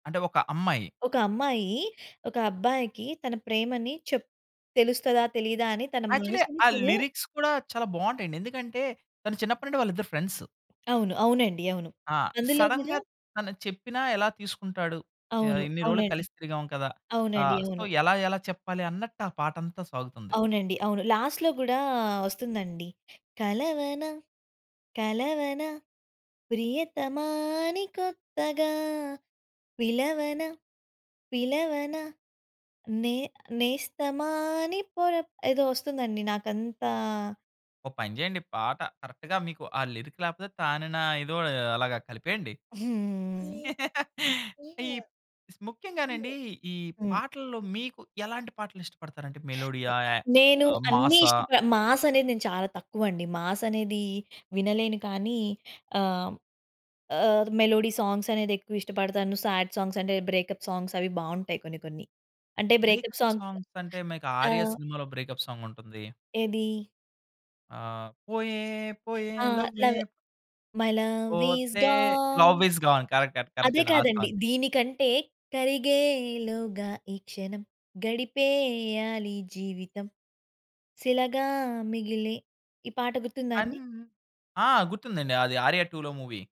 అంటే ఒక అమ్మాయి? ఒక అమ్మాయి ఒక అబ్బాయికి తన ప్రేమని చెప్ తెలుస్తదా? తెలీదా? అని తన యాక్చువల్లీ మనసుని ఆ తను లిరిక్స్ కూడా చాలా బాగుంటాయండి. ఎందుకంటే తను చిన్నప్పటి నుండి వాళ్ళిద్దరు ఫ్రెండ్స్. అవును. అవునండి. అవును. ఆ! అందులో గూడా సడెన్‌గా తను చెప్పినా ఎలా తీసుకుంటాడు? ఆహ్, అవును. ఇన్ని రోలకి అవునండి. కలిసి తిరిగాం కదా! అవునండి. ఆహ్, సో అవును. ఎలా ఎలా చెప్పాలి అన్నట్టా పాటంతా సాగుతుంది. అవునండి. అవును. లాస్ట్‌లో గూడా ఒస్తుందండి. కలవన కలవన ప్రియతమా అని కొత్తగా, పిలవన పిలవన నే నేస్తమా అని పొర ఏదో ఒస్తుందండి నాకంతా ఒక పని జెయండి. పాట కరెక్ట్‌గా మీకు ఆ లిరిక్ లేపోతే తానన ఏదో అలాగా కలిపేయండి. హ్మ్. ఈ ప్ ముఖ్యంగానండి హ్మ్. ఈ పాటల్లో మీకు ఎలాంటి పాటలిష్టపడతారు అంటే మెలోడీయాయ? నేను అన్ని మాసా? ఇష్టప మాస్ అనేది నేను చాలా తక్కువండి. మాస్ అనేది వినలేను కానీ ఆహ్, ఆహ్, మెలోడీ సాంగ్స్ అనేది ఎక్కువ ఇష్టపడతాను. సాడ్ సాంగ్స్ అంటే బ్రేకప్ సాంగ్స్ అవి బాగుంటాయి కొన్ని కొన్ని. అంటే బ్రేకప్ బ్రేకప్ సాంగ్స్ సాంగ్స్ అంటే మీకు ఆ! 'ఆర్య' సినిమాలో బ్రేకప్ సాంగ్ ఉంటుంది. ఏది? ఆహ్, పోయే పోయే ఆ! లవ్వే. లవే మై లవ్ ఇస్ పోతే gone. Love is gone correct అండి. కరెక్టే అదే అండి. ఆ కాదండి. సాంగ్. దీనికంటే కరిగేలోగా ఈ క్షణం గడిపేయాలి జీవితం శిలగా మిగిలి ఈ పాట అన్ గుర్తుందాండి? ఆ! గుర్తుందండి అది 'ఆర్య 2'లో మూవీ.